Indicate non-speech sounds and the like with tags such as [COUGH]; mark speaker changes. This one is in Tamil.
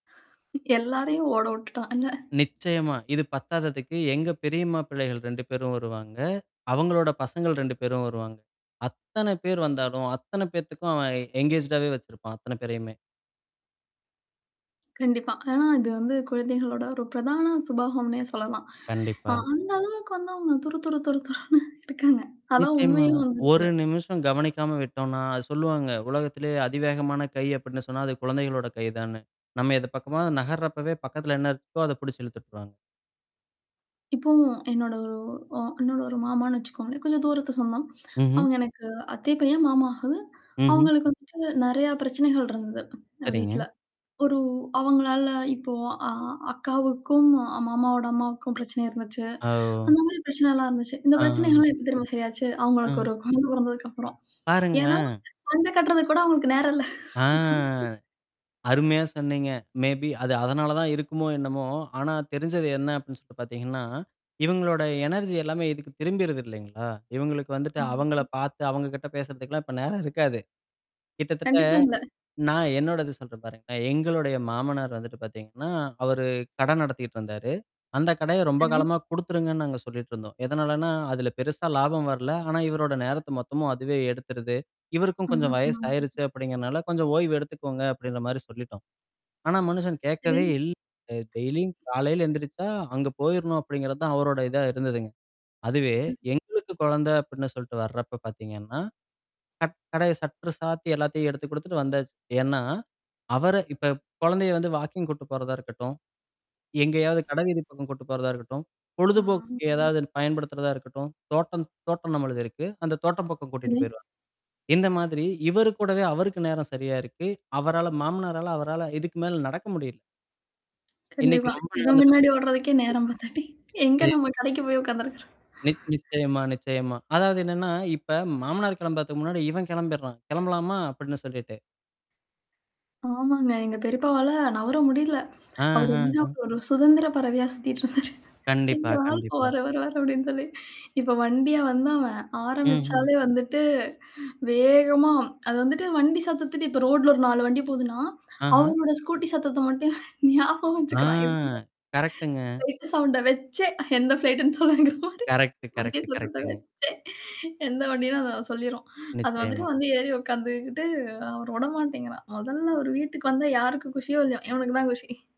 Speaker 1: [LAUGHS] எல்லாரையும் ஓட வுட்டுட்டான். என்ன.
Speaker 2: நிச்சயமா. இது பத்தாததுக்கு எங்க பெரியம்மா பிள்ளைகள் 2 பேரும் வருவாங்க. அவங்களோட பசங்கள் 2 பேரும் வருவாங்க. அத்தனை பேர் வந்தாலும், அத்தனை பேத்துக்கும் அவன் என்கேஜ்டாவே வச்சிருப்பான், அத்தன பேரையுமே.
Speaker 1: கண்டிப்பா. ஆனா இது வந்து குழந்தைகளோட ஒரு பிரதான சுபாகம்னே சொல்லலாம். அ
Speaker 2: கண்டிப்பா.
Speaker 1: அந்த அளவுக்கு வந்து அவங்க துறு, துறு, துறு, [CHUCKLES] துறன்னு இருக்காங்க. அதான்
Speaker 2: நிச்சயமா.
Speaker 1: உண்மையும் வந்து கூட.
Speaker 2: ஒரு நிமிஷம் கவனிக்காம விட்டோம்னா, அ சொல்லுவாங்க. உலகத்திலேயே அதிவேகமான கை அப்படின்னு சொன்னா, அது குழந்தைகளோட கை தானு. நம்ம எது பக்கமா நகர்றப்பவே பக்கத்துல என்ன இருக்கோ அத புடுச்சு இழுத்துட்டுருவாங்
Speaker 1: இப்போ என்னோட ஒரு ஒ என்னோட ஒரு மாமான்னு வச்சுக்கோங்களேன். கொஞ்சம் தூரத்து சொந்தம்.
Speaker 2: ம்ஹ்ம்.
Speaker 1: அவுங்க எனக்கு அத்தை பையன், மாமா ஆகுது.
Speaker 2: ம்ஹ்ம்.
Speaker 1: அவங்களுக்கு வந்துட்டு நெறைய பிரச்சனைகள் இருந்தது
Speaker 2: சரிங்க.
Speaker 1: வீட்ல. ஒரு அவங்களால இப்போ அ அக்காவுக்கும் மாமாவோட அம்மாவுக்கும் பிரச்சனை இருந்துச்சு.
Speaker 2: அ ஓ!
Speaker 1: அந்த மாரி பிரச்சனை எலாம் இருந்துச்சு. இந்த
Speaker 2: ஆஹா.
Speaker 1: பிரச்சனைகள்லாம் எப்ப தெரியுமா சரியாச்சு, அவங்களுக்கு
Speaker 2: ஆ.
Speaker 1: ஒரு குழந்தை பொறந்ததுக்கப்புறம். ஏன்னா
Speaker 2: பாருங்களேன்!
Speaker 1: சண்ட கட்டுறது கூட அவுங்களுக்கு நேரம் இல்ல.
Speaker 2: ஆ.
Speaker 1: [LAUGHS]
Speaker 2: அருமையா சொன்னீங்க. மேபி அது அதனால தான் இருக்குமோ என்னமோ? ஆனா தெரிஞ்சது என்ன அப்டின்னு சொல்லிட்டு பாத்தீங்கன்னா, இவங்களோட எனர்ஜி எல்லாமே இதுக்கு திரும்பிருது இல்லைங்களா? இவங்களுக்கு வந்துட்டு அவங்கள
Speaker 1: ம்.
Speaker 2: பாத்து அவங்க கிட்ட பேசுறதுக்கெல்லாம் இப்போ நேரம் இருக்காது. கிட்டத்தட்ட
Speaker 1: கண்டிப்பா இல்ல.
Speaker 2: நான் என்னோட இது சொல்றேன் பாருங்களான். எங்களுடைய மாமனார் வந்துட்டு பாத்தீங்கன்னா, அவரு கடை நடத்திட்டு இருந்தாரு. அந்த கடைய ரொம்ப
Speaker 1: சரி.
Speaker 2: காலமா குடுத்துருங்கன்னு நாங்க சொல்லிட்டு இருந்தோம். எதனாலன்னா அதுல பெருசா லாபம் வரல. ஆனா இவரோட நேரத்த மொத்தமும் அதுவே எடுத்துருது. இவருக்கும் கொஞ்சோ
Speaker 1: அஹா.
Speaker 2: வயசு
Speaker 1: [UNINTELLIGIBLE]
Speaker 2: ஆயிருச்சு அப்படிங்கிறனால கொஞ்சம் ஓய்வு எடுத்துக்கோங்க அப்படின்ற மாரி சொல்லிட்டோம். ஆனா மனுஷன்
Speaker 1: சரி.
Speaker 2: கேக்கவே இல்ல. அ டெய்லியும் காலையில எந்திரிச்சா, அங்க போயிரணும் அப்படிங்கிறது தான் அவரோட இதா இருந்ததுங்க. அதுவே
Speaker 1: ம்.
Speaker 2: எங்களுக்கு குழந்தை அப்படின்னு சொல்ட்டு வரப்ப பாத்தீங்கன்னா. கட் கடை சட்ற சாத்தி எல்லாத்தையும் எடுத்து குடுத்துட்டு வந்தாச்சு. ஏனா? அவர இப்ப குழந்தைய வந்து வாக்கிங் கூட்டு போறதா இருக்கட்டும். எங்கேயாவது கடவீதி பக்கம் கூட்டிட்டு போறதா இருக்கட்டும்.
Speaker 1: ஆ.
Speaker 2: பொழுதுபோக்கு ஏதாவது பயன்படுத்துறதா இருக்கட்டும், தோட்டம் தோட்டம் நம்மளது இருக்கு. அந்த தோட்டம் பக்கம் கூட்டிட்டு
Speaker 1: சரி.
Speaker 2: போயிருவாரு இந்த மாதிரி, இவரு கூடவே அவருக்கு நேரம் சரியா இருக்கு. அவரால மாமனரால அவரால இதுக்கு மேல நடக்க முடியல இன்னைக்கு
Speaker 1: கண்டிப்பா.
Speaker 2: ரொம்ப
Speaker 1: இவன் பின்னாடி
Speaker 2: இழந்துட்டோமே
Speaker 1: ஓடுறதுக்கே நேரம் பத்தாட்டி. எங்க நம்ம
Speaker 2: [UNINTELLIGIBLE]
Speaker 1: கடைக்கு போய் உக்காந்துருக்க
Speaker 2: நி நிச்சயமா, நிச்சயமா. அதாவது என்னன்னா, இப்ப மாமனார் கிளம்புறதுக்கு முன்னாடி இவன் கிளம்பிறான். கிளம்பலாமா? அப்படின்னு சொல்லிட்டு.
Speaker 1: ஆமாங்க. எங்க பெரிப்பாவல நவர முடியல. அவரு எப்டின்னா,
Speaker 2: ஆஹஹம்.
Speaker 1: ஒரு சுதந்திர பறவையா சுத்திட்டு இருந்தாரு.
Speaker 2: கண்டிப்பா,
Speaker 1: இங்க [UNINTELLIGIBLE] இப்ப
Speaker 2: கண்டிப்பா.
Speaker 1: வர, வர வர அப்படின்னு சொல்லி. இப்ப வண்டியா வந்தாவன்.
Speaker 2: ம்ஹ்ம்.
Speaker 1: ஆரம்பிச்சாலே வந்துட்டு, வேகமா அது வந்துட்டு வண்டி சத்தத்துட்டு இப்ப ரோட்ல ஒரு 4 வண்டி போதுன்னா,
Speaker 2: ஆஹா.
Speaker 1: அவரோட ஸ்கூட்டி சத்தத்த மட்டும் ஞாபகம்
Speaker 2: ஆ
Speaker 1: வச்சுக்கிறான், எப்டியோ
Speaker 2: கரெக்ட்டுங்க.
Speaker 1: ஃப்ளைட் சவுண்ட வச்சே எந்த ஃப்ளைட்ன்னு சொல்லுவாங்கிறமாரி.
Speaker 2: கரெக்ட்டு,
Speaker 1: வண்டி
Speaker 2: கரெக்டு,
Speaker 1: சத்தத்த
Speaker 2: கரெக்ட்டுங்க.
Speaker 1: வச்சே. எந்த வண்டின்னு அத சொல்லிருவா. அது வந்துட்டு
Speaker 2: நிச்சயமா.
Speaker 1: வந்து ஏறி உக்காந்துக்கிட்டு அவரு வுடமாட்டேங்கறான். மொதல்ல அவரு வீட்டுக்கு வந்த யாருக்கும் குஷியோ இல்லையோ, இவனுக்கு தான் குஷி.